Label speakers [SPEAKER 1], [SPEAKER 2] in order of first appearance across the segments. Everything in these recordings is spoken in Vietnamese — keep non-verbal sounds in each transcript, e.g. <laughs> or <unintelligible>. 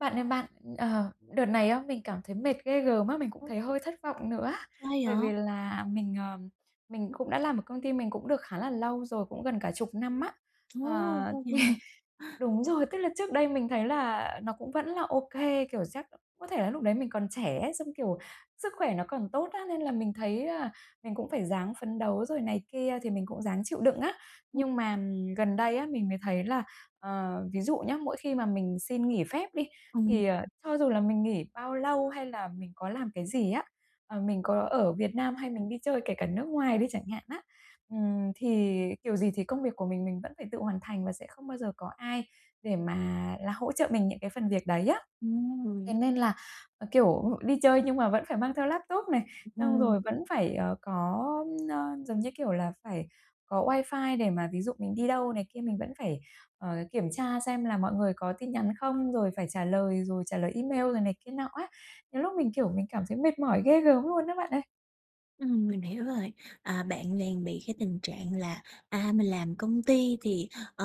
[SPEAKER 1] Bạn ơi bạn, ờ, đợt này á mình cảm thấy mệt ghê gớm á, mình cũng
[SPEAKER 2] Ô.
[SPEAKER 1] thấy hơi thất vọng nữa á.
[SPEAKER 2] Sao
[SPEAKER 1] Bởi vì
[SPEAKER 2] vậy?
[SPEAKER 1] là mình, ờ, mình cũng đã làm ở công ty mình cũng được khá là lâu rồi, cũng gần cả 10 năm á.
[SPEAKER 2] Ồ!
[SPEAKER 1] Ờ,
[SPEAKER 2] Lâu vậy hả?
[SPEAKER 1] <chuckles> đúng rồi, tức là trước đây mình thấy là nó cũng vẫn là ô kê, kiểu, chắc có thể là lúc đấy mình còn trẻ ấy, xong, kiểu, sức khỏe nó còn tốt á, nên là mình thấy là mình cũng phải ráng phấn đấu rồi này kia, thì mình cũng ráng chịu đựng á.
[SPEAKER 2] Ừm.
[SPEAKER 1] Nhưng mà gần đây á mình mới thấy là ờ, ví dụ nhé, mỗi khi mà mình xin nghỉ phép đi
[SPEAKER 2] Ừm.
[SPEAKER 1] thì, ờ,
[SPEAKER 2] Ừm.
[SPEAKER 1] cho dù là mình nghỉ bao lâu hay là mình có làm cái gì á, ờ, mình có ở Việt Nam hay mình đi chơi kể cả nước ngoài đi chẳng hạn á, ừm, thì kiểu gì thì công việc của mình mình vẫn phải tự hoàn thành và sẽ không bao giờ có ai để mà là hỗ trợ mình những cái phần việc đấy á. Thế
[SPEAKER 2] Ừm.
[SPEAKER 1] nên là, ờ, kiểu, đi chơi nhưng mà vẫn phải mang theo laptop này, xong
[SPEAKER 2] Ừm.
[SPEAKER 1] rồi vẫn phải, ờ, có, ơ, giống như kiểu là, phải có wifi để mà ví dụ mình đi đâu này kia mình vẫn phải, ờ, kiểm tra xem là mọi người có tin nhắn không? Rồi phải trả lời, rồi trả lời email, rồi này kia nọ á. Đôi lúc mình, kiểu, mình cảm thấy mệt mỏi ghê gớm luôn á bạn ơi!
[SPEAKER 2] Ừm, mình hiểu rồi, à, bạn đang bị cái tình trạng là, à, mình làm công ty thì, ờ,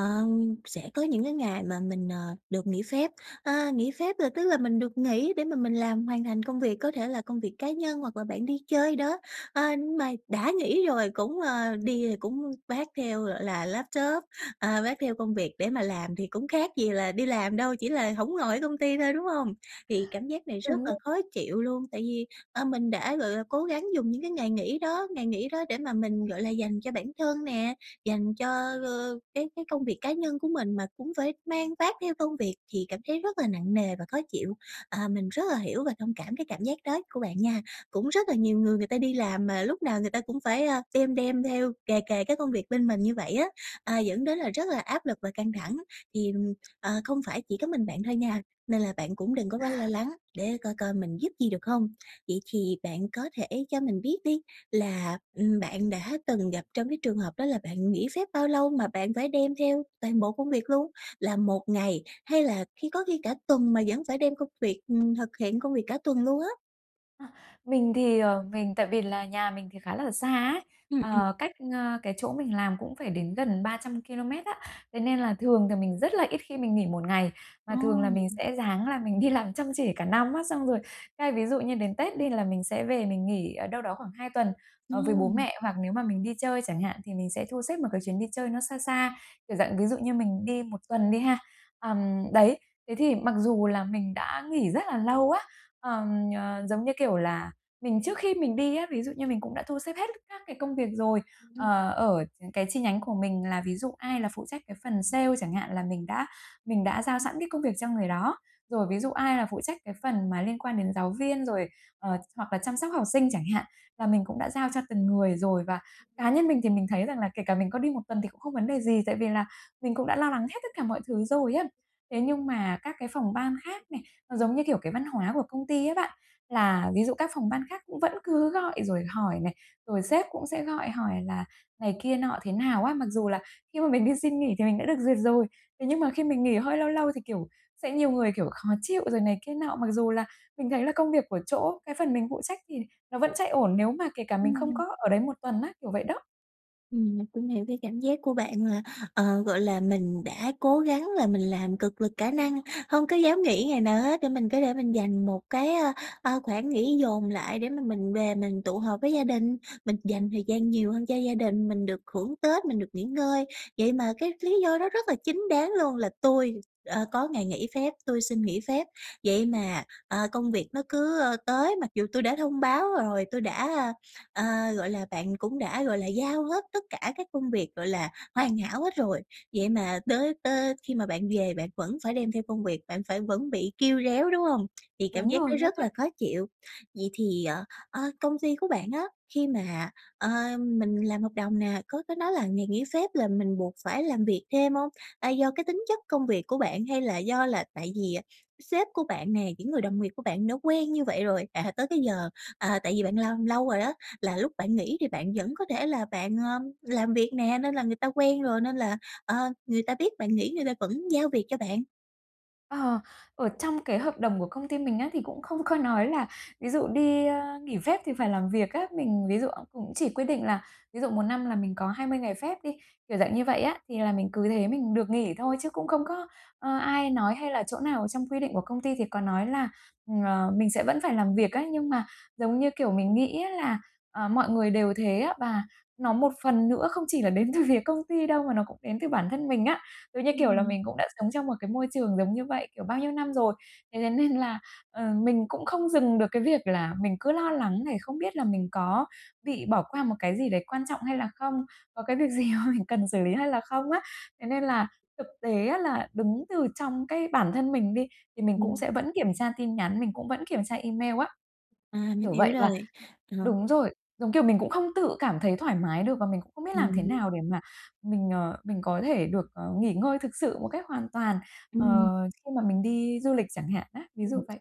[SPEAKER 2] sẽ có những cái ngày mà mình, ờ, được nghỉ phép. À, nghỉ phép là tức là mình được nghỉ để mà mình làm hoàn thành công việc, có thể là công việc cá nhân hoặc là bạn đi chơi đó. À, nhưng mà đã nghỉ rồi cũng, ờ đi cũng vác theo, gọi là, laptop, à, vác theo công việc để mà làm thì cũng khác gì là đi làm đâu, chỉ là hổng ở ngồi công ty thôi, đúng hông? Thì cảm giác này rất
[SPEAKER 1] Đúng
[SPEAKER 2] là
[SPEAKER 1] rồi.
[SPEAKER 2] khó chịu luôn. Tại vì, ờ, mình đã, gọi là, cố gắng dùng những cái ngày nghỉ đó ngày nghỉ đó để mà mình, gọi là, dành cho bản thân nè, dành cho, ờ, cái cái công việc cá nhân của mình mà cũng phải mang vác theo công việc thì cảm thấy rất là nặng nề và khó chịu. À, mình rất là hiểu và thông cảm cái cảm giác đó của bạn nha. Cũng rất là nhiều người người ta đi làm mà lúc nào người ta cũng phải, à, đem đem theo kề kề cái công việc bên mình như vậy á, à, dẫn đến là rất là áp lực và căng thẳng. Thì, ừm, ờ, không phải chỉ có mình bạn thôi nha nên là bạn cũng đừng có quá lo
[SPEAKER 1] À.
[SPEAKER 2] lắng, để coi coi mình giúp gì được hông. Vậy thì bạn có thể cho mình biết đi là, ừm, bạn đã từng gặp trong cái trường hợp đó là bạn nghỉ phép bao lâu mà bạn phải đem theo toàn bộ công việc luôn? Là một ngày hay là khi có khi cả tuần mà vẫn phải đem công việc, ừm, thực hiện công việc cả tuần luôn á?
[SPEAKER 1] A, mình thì, ờ, mình tại vì là nhà mình thì khá là xa ấy,
[SPEAKER 2] Ừm, ừm.
[SPEAKER 1] ờ, cách, a, cái chỗ mình làm cũng phải đến gần 300 kilomet á, thế nên là thường thì mình rất là ít khi mình nghỉ 1 ngày và
[SPEAKER 2] Ồ!
[SPEAKER 1] thường là mình sẽ ráng là mình đi làm chăm chỉ cả năm á xong rồi, cái ví dụ như đến Tết đi là mình sẽ về mình nghỉ, ờ, đâu đó khoảng 2 tuần, ờ, với bố
[SPEAKER 2] Ô!
[SPEAKER 1] mẹ, hoặc nếu mà mình đi chơi chẳng hạn thì mình sẽ thu xếp một cái chuyến đi chơi nó xa xa, kiểu dạng, ví dụ như mình đi 1 tuần đi ha. Ờm, đấy, thế thì mặc dù là mình đã nghỉ rất là lâu á, ờm, ờ, giống như kiểu là, mình trước khi mình đi á, ví dụ như mình cũng đã thu xếp hết các cái công việc rồi, ờ, ở những cái chi nhánh của mình là ví dụ ai là phụ trách cái phần sale chẳng hạn là mình đã mình đã giao sẵn cái công việc cho người đó, rồi ví dụ ai là phụ trách cái phần mà liên quan đến giáo viên, rồi, ờ, hoặc là chăm sóc học sinh chẳng hạn là mình cũng đã giao cho từng người rồi và cá nhân mình thì mình thấy rằng là kể cả mình có đi 1 tuần thì cũng không vấn đề gì, tại vì là mình cũng đã lo lắng hết tất cả mọi thứ rồi á. Thế nhưng mà các cái phòng ban khác này, nó giống như, kiểu, cái văn hóa của công ty á bạn, là ví dụ các phòng ban khác cũng vẫn cứ gọi rồi hỏi này, rồi sếp cũng sẽ gọi hỏi là này kia nọ thế nào á, mặc dù là khi mà mình đi xin nghỉ thì mình đã được duyệt rồi, thế nhưng mà khi mình nghỉ hơi lâu lâu thì, kiểu, sẽ nhiều người, kiểu, khó chịu rồi này kia nọ, mặc dù là mình thấy là công việc của chỗ cái phần mình phụ trách thì nó vẫn chạy ổn nếu mà kể cả mình không
[SPEAKER 2] Ừm.
[SPEAKER 1] có ở đấy một tuần á, kiểu vậy đó.
[SPEAKER 2] Ừm, mình cũng hiểu cái cảm giác của bạn là, ờ, gọi là, mình đã cố gắng là mình làm cật lực cả năng, hông có dám nghỉ ngày nào hết để mình có thể mình dành một cái, ơ, ơ, khoảng nghỉ dồn lại để mà mình về mình tụ họp với gia đình, mình dành thời gian nhiều hơn cho gia đình, mình được hưởng Tết, mình được nghỉ ngơi. Vậy mà cái lý do đó rất là chính đáng luôn là "Tôi, ờ, có ngày nghỉ phép, tôi xin nghỉ phép." Vậy mà, ờ, công việc nó cứ, ơ, tới mặc dù "Tôi đã thông báo rồi, tôi đã" ơ, gọi là, bạn cũng đã, gọi là, giao hết tất cả các công việc, gọi là, hoàn hảo hết rồi, vậy mà tới tới khi mà bạn về bạn vẫn phải đem theo công việc, bạn phải vẫn bị kêu réo, đúng hông? <tsk> Thì cảm
[SPEAKER 1] Đúng
[SPEAKER 2] giác
[SPEAKER 1] rồi
[SPEAKER 2] nó
[SPEAKER 1] đó
[SPEAKER 2] rất
[SPEAKER 1] bạn.
[SPEAKER 2] là khó chịu. Vậy thì, ờ, ơ, công ty của bạn á khi mà, ơ, mình làm hợp đồng nè, có có nói là ngày nghỉ phép là mình buộc phải làm việc thêm hông? A, do cái tính chất công việc của bạn hay là do là tại vì sếp của bạn nè, những người đồng nghiệp của bạn đã quen như vậy rồi, à, tới cái giờ, à, tại vì bạn làm lâu rồi đó là lúc bạn nghỉ thì bạn vẫn có thể là bạn, ờ, làm việc nè nên là người ta quen rồi nên là, ờ, người ta biết bạn nghỉ người ta vẫn giao việc cho bạn?
[SPEAKER 1] Ờ, ở trong cái hợp đồng của công ty mình á thì cũng không có nói là ví dụ đi, ơ, nghỉ phép thì phải làm việc á, mình ví dụ <unintelligible> cũng chỉ quy định là ví dụ một năm là mình có 20 ngày phép đi, kiểu dạng như vậy á, thì là mình cứ thế mình được nghỉ thôi. Chứ cũng không có, ơ, ai nói hay là chỗ nào trong quy định của công ty thì có nói là, ờ, mình sẽ vẫn phải làm việc á, nhưng mà, giống như kiểu, mình nghĩ á là, ờ, mọi người đều thế á và nó một phần nữa không chỉ là đến từ phía công ty đâu mà nó cũng đến từ bản thân mình á. Ừ, như kiểu là
[SPEAKER 2] Ừm.
[SPEAKER 1] mình cũng đã sống trong một cái môi trường giống như vậy, kiểu, bao nhiêu năm rồi, thế thế nên là, ờ, mình cũng không dừng được cái việc là mình cứ lo lắng này không biết là mình có bị bỏ qua một cái gì đấy quan trọng hay là không? Có cái việc gì mà mình cần xử lý hay là không á? Thế nên là thực tế á là đứng từ trong cái bản thân mình đi thì mình cũng
[SPEAKER 2] Ừm.
[SPEAKER 1] sẽ vẫn kiểm tra tin nhắn, mình cũng vẫn kiểm tra email á.
[SPEAKER 2] À, mình
[SPEAKER 1] Kiểu
[SPEAKER 2] hiểu
[SPEAKER 1] vậy, và
[SPEAKER 2] rồi, ờ.
[SPEAKER 1] đúng rồi, giống kiểu mình cũng không tự cảm thấy thoải mái được và mình cũng không biết làm thế
[SPEAKER 2] Ừm.
[SPEAKER 1] nào để mà mình, ờ, mình có thể được, ờ, nghỉ ngơi thực sự một cách hoàn toàn, ờ,
[SPEAKER 2] Ừm.
[SPEAKER 1] khi mà mình đi du lịch chẳng hạn á? Ví dụ
[SPEAKER 2] Ừm,
[SPEAKER 1] vậy.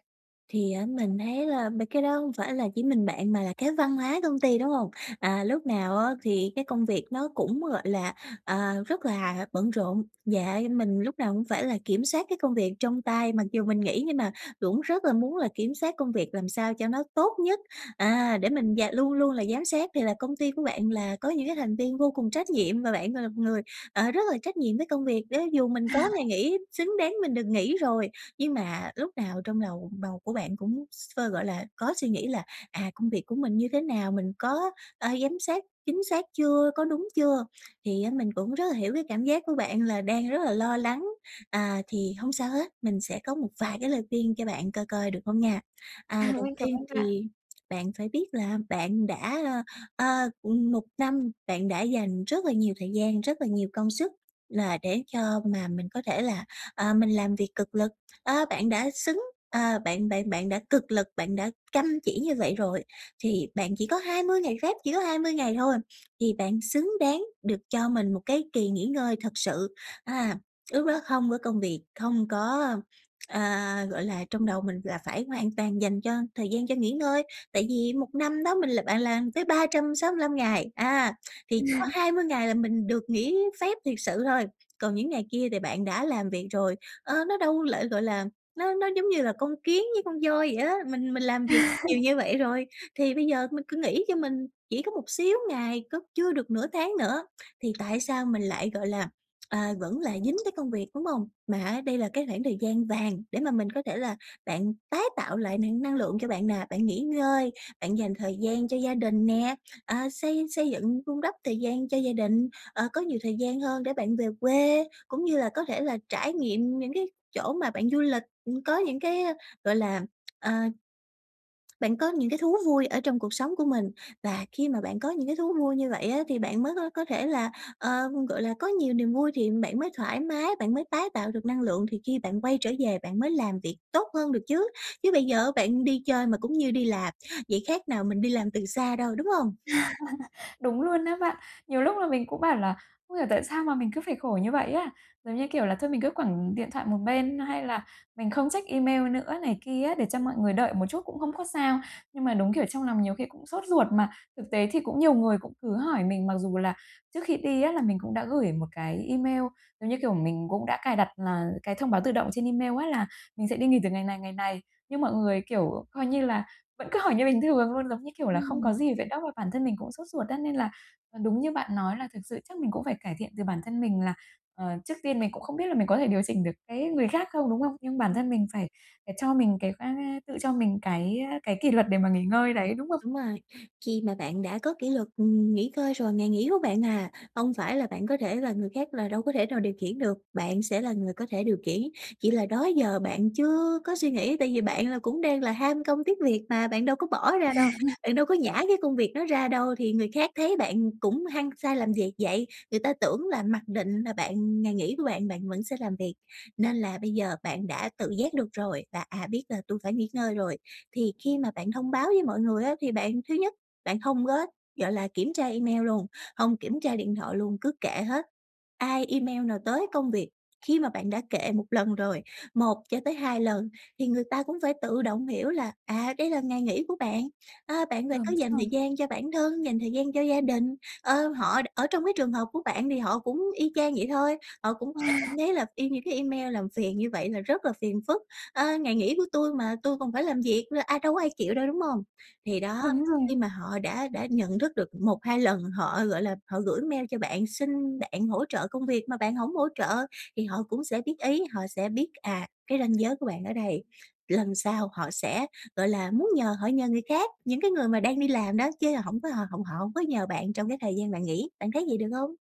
[SPEAKER 2] thì, á, mình thấy là mấy cái đó hông phải là chỉ mình bạn mà là cái văn hóa công ty, đúng hông? À, lúc nào á thì cái công việc nó cũng, gọi là, à, rất là bận rộn. Dạ như mình lúc nào cũng phải là kiểm soát cái công việc trong tay, mặc dù mình nghỉ nhưng mà cũng rất là muốn là kiểm soát công việc làm sao cho nó tốt nhất, à, để mình d luôn luôn là giám sát, thì là công ty của bạn là có những cái thành viên vô cùng trách nhiệm và bạn, gọi là, một người, ờ, rất là trách nhiệm với công việc đấy. Dù mình có ngày
[SPEAKER 1] <laughs>
[SPEAKER 2] nghỉ, xứng đáng mình được nghỉ rồi nhưng mà lúc nào trong lầu đầu của bạn cũng s <unintelligible> gọi là, có suy nghĩ là, à, công việc của mình như thế nào? Mình có, ờ, giám sát chính xác chưa, có đúng chưa? Thì á mình cũng rất là hiểu cái cảm giác của bạn là đang rất là lo lắng, à, thì hông sao hết, mình sẽ có một vài cái lời khuyên cho bạn coi coi được hông nha. À,
[SPEAKER 1] <laughs>
[SPEAKER 2] đầu
[SPEAKER 1] Mình cảm
[SPEAKER 2] tiên
[SPEAKER 1] ơn bạn.
[SPEAKER 2] thì bạn phải biết là bạn đã ơ, ơ, ừm, 1 năm bạn đã dành rất là nhiều thời gian, rất là nhiều công sức là để cho mà mình có thể là, ờ, mình làm việc cực lực, ơ, bạn đã xứng à, bạn bạn bạn đã cực lực, bạn đã căm chỉ như vậy rồi, thì bạn chỉ có 20 ngày phép, chỉ có 20 ngày thôi, thì bạn xứng đáng được cho mình một cái kỳ nghỉ ngơi thật sự ha. Lúc đó không có công việc, không có ơ, ờ, gọi là, trong đầu mình là phải hoàn toàn dành cho thời gian cho nghỉ ngơi. Tại vì 1 năm đó mình l bạn làm tới 365 ngày, à, thì chỉ có
[SPEAKER 1] <laughs>
[SPEAKER 2] 20 ngày là mình được nghỉ phép thiệt sự thôi, còn những ngày kia thì bạn đã làm việc rồi. Ờ, nó đâu lại gọi là, nó nó giống như là con kiến với con voi vậy á, mình mình làm việc nhiều
[SPEAKER 1] <laughs>
[SPEAKER 2] như vậy rồi, thì bây giờ mình cứ nghỉ cho mình, chỉ có một xíu ngày, có chưa được nửa tháng nữa thì tại sao mình lại, gọi là, <tsk> à, vẫn lại dính tới công việc, đúng hông? Mà á đây là cái khoảng thời gian vàng để mà mình có thể là bạn tái tạo lại <unintelligible> năng lượng cho bạn nè, bạn nghỉ ngơi, bạn dành thời gian cho gia đình nè, à, xây xây dựng, vun đắp thời gian cho gia đình, ờ, có nhiều thời gian hơn để bạn về quê, cũng như là có thể là trải nghiệm những cái chỗ mà bạn du lịch, ừm, có những cái gọi là, ờ bạn có những cái thú vui ở trong cuộc sống của mình. Và khi mà bạn có những cái thú vui như vậy á thì bạn mới có có thể là, ờ, gọi là, có nhiều niềm vui thì bạn mới thoải mái, bạn mới tái tạo được năng lượng, thì khi bạn quay trở về bạn mới làm việc tốt hơn được chứ. Chứ bây giờ bạn đi chơi mà cũng như đi làm, vậy khác nào mình đi làm từ xa đâu, đúng hông?
[SPEAKER 1] <laughs> Đúng luôn á bạn. Nhiều lúc là mình cũng bảo là không hiểu tại sao mà mình cứ phải khổ như vậy á? Giống như kiểu là thôi mình cứ quẳng điện thoại một bên, nó hay là mình không check email nữa này kia á, để cho mọi người đợi một chút cũng hông có sao. Nhưng mà đúng kiểu trong lòng nhiều khi cũng sốt ruột, mà thực tế thì cũng nhiều người cũng cứ hỏi mình, mặc dù là trước khi đi á là mình cũng đã gửi một cái email, giống như kiểu, mình cũng đã cài đặt là thông báo tự động trên email á là mình sẽ đi nghỉ từ ngày này, ngày này. Nhưng mọi người, kiểu, coi như là vẫn cứ hỏi như bình thường luôn, giống như kiểu là, không có
[SPEAKER 2] Ừm.
[SPEAKER 1] gì vậy đó, bản thân mình cũng sốt ruột á. Nên là, ờ, đúng như bạn nói là thực sự chắc mình cũng phải cải thiện từ bản thân mình là, ờ, trước tiên mình cũng không biết là mình có thể điều chỉnh được cái người khác không, đúng hông? Nhưng bản
[SPEAKER 2] Ừm.
[SPEAKER 1] thân mình phải phải cho mình cái <unintelligible> tự cho mình cái, ơ, cái kỷ luật để mà nghỉ ngơi đấy, đúng hông?
[SPEAKER 2] Đúng rồi, khi mà bạn đã có kỷ luật, ừm, nghỉ ngơi rồi, ngày nghỉ của bạn, à, hông phải là bạn có thể là người khác là đâu có thể nào điều khiển được, bạn sẽ là người có thể điều khiển, chỉ là đó giờ bạn chưa có suy nghĩ, tại vì bạn là cũng đang là ham công tiếc việc mà, bạn đâu có bỏ ra đâu,
[SPEAKER 1] <laughs>
[SPEAKER 2] bạn đâu có nhả cái công việc đó ra đâu, thì người khác thấy bạn cũng hăng say làm việc vậy, người ta tưởng là mặc định là bạn ừm, ngày nghỉ của bạn bạn vẫn sẽ làm việc. Nên là bây giờ bạn đã tự giác được rồi và, à, biết là tui phải nghỉ ngơi rồi, thì khi mà bạn thông báo với mọi người á, thì bạn thứ nhất, bạn hông có, gọi là, kiểm tra email luôn, hông kiểm tra điện thoại luôn, cứ kệ hết. Ai, email nào, tới công việc, khi mà bạn đã kệ 1 lần rồi, 1 cho tới 2 lần thì người ta cũng phải tự động hiểu là, à, đây là ngày nghỉ của bạn, ơ, bạn phải
[SPEAKER 1] Đúng
[SPEAKER 2] có dành thời
[SPEAKER 1] rồi.
[SPEAKER 2] gian cho bản thân, dành thời gian cho gia đình. Ơ, họ ở trong cái trường hợp của bạn thì họ cũng y chang vậy thôi, họ cũng sẽ cảm
[SPEAKER 1] <laughs>
[SPEAKER 2] thấy là e những cái email làm phiền như vậy là rất là phiền phức, ơ, ngày nghỉ của tui mà tui còn phải làm việc nữa, ai đâu có ai chịu đâu, đúng hông? Thì đó,
[SPEAKER 1] Đúng rồi.
[SPEAKER 2] khi mà họ đã đã nhận thức được 1-2 lần, họ, gọi là, họ gửi email cho bạn xin bạn hỗ trợ công việc mà bạn hổng hỗ trợ thì họ cũng sẽ biết ý, họ sẽ biết, à, cái ranh giới của bạn ở đây, lần sau họ sẽ, gọi là, muốn nhờ họ nhờ người khác, những cái người mà đang đi làm đó chứ hổng có h hổng họ hông có nhờ bạn trong cái thời gian bạn nghỉ, bạn thấy vậy được hông?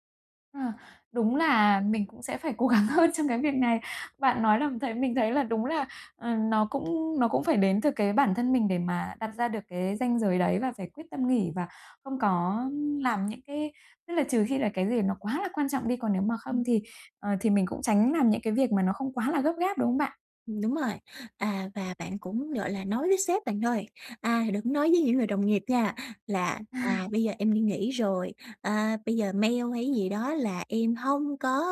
[SPEAKER 1] Ờ, đúng là mình cũng sẽ phải cố gắng hơn trong cái việc này. Bạn nói làm thấy mình thấy là đúng là, ờ, nó cũng nó cũng phải đến từ cái bản thân mình để mà đặt ra được cái ranh giới đấy và phải quyết tâm nghỉ và không có làm những cái tức là trừ khi là cái gì nó quá là quan trọng đi, còn nếu mà không
[SPEAKER 2] Ừm.
[SPEAKER 1] thì, ờ, thì mình cũng tránh làm những cái việc mà nó không quá là gấp gáp, đúng không bạn?
[SPEAKER 2] Ừm, đúng rồi, à, và bạn cũng, gọi là, nói với sếp bạn thôi, à, đừng nói với những người đồng nghiệp nha là, à,
[SPEAKER 1] À.
[SPEAKER 2] "Bây giờ em đi nghỉ rồi, à, bây giờ mail hay gì đó là em hông có,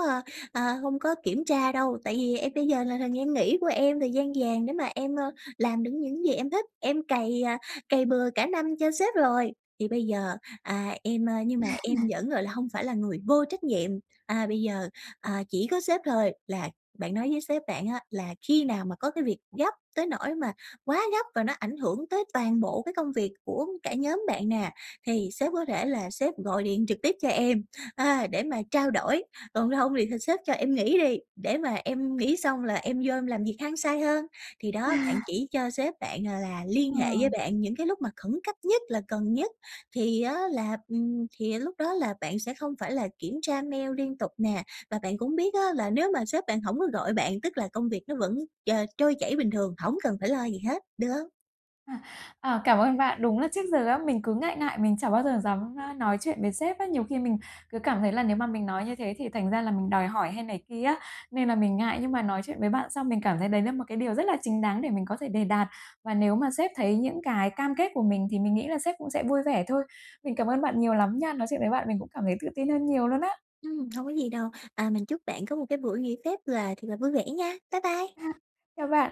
[SPEAKER 2] a, hông có kiểm tra đâu, tại vì em bây giờ là thời gian nghỉ của em, thời gian vàng để mà em, ờ, làm được những gì em thích, em cày, à, cày bừa cả năm cho sếp rồi, thì bây giờ, à, em, à, nhưng mà em
[SPEAKER 1] <chuckles>
[SPEAKER 2] vẫn, gọi là, hông phải là người vô trách nhiệm." À, bây giờ, à, chỉ có sếp thôi là bạn nói với sếp bạn á là khi nào mà có cái việc gấp tới nỗi mà quá gấp và nó ảnh hưởng tới toàn bộ cái công việc của cả nhóm bạn nè, thì sếp có thể là sếp gọi điện trực tiếp cho em, à, để mà trao đổi, còn không thì thì sếp cho em nghỉ đi, để mà em nghỉ xong là em vô em làm việc hăng say hơn. Thì đó, bạn
[SPEAKER 1] À.
[SPEAKER 2] chỉ cho sếp bạn, gọi là, liên
[SPEAKER 1] Ờ.
[SPEAKER 2] hệ với bạn những cái lúc mà khẩn cấp nhất là cần nhất thì á là, ừm, thì lúc đó là bạn sẽ không phải là kiểm tra mail liên tục nè, và bạn cũng biết á là nếu mà sếp bạn hổng có gọi bạn tức là công việc nó vẫn tr trôi chảy bình thường, hổng cần phải lo gì hết, được hông?
[SPEAKER 1] À, ờ, cảm ơn bạn. Đúng là trước giờ á, mình cứ ngại ngại mình chả bao giờ dám, a, nói chuyện với sếp á, nhiều khi mình cứ cảm thấy là nếu mà mình nói như thế thì thành ra là mình đòi hỏi hay này kia á, nên là mình ngại, nhưng mà nói chuyện với bạn xong mình cảm thấy đấy là một cái điều rất là chính đáng để mình có thể đề đạt. Và nếu mà sếp thấy những cái cam kết của mình thì mình nghĩ là sếp cũng sẽ vui vẻ thôi. Mình cảm ơn bạn nhiều lắm nha, nói chuyện với bạn mình cũng cảm thấy tự tin hơn nhiều luôn á.
[SPEAKER 2] Ừm, hông có gì đâu. À, mình chúc bạn có một cái buổi nghỉ phép là thiệt là vui vẻ nha, bye bye.
[SPEAKER 1] À, chào bạn.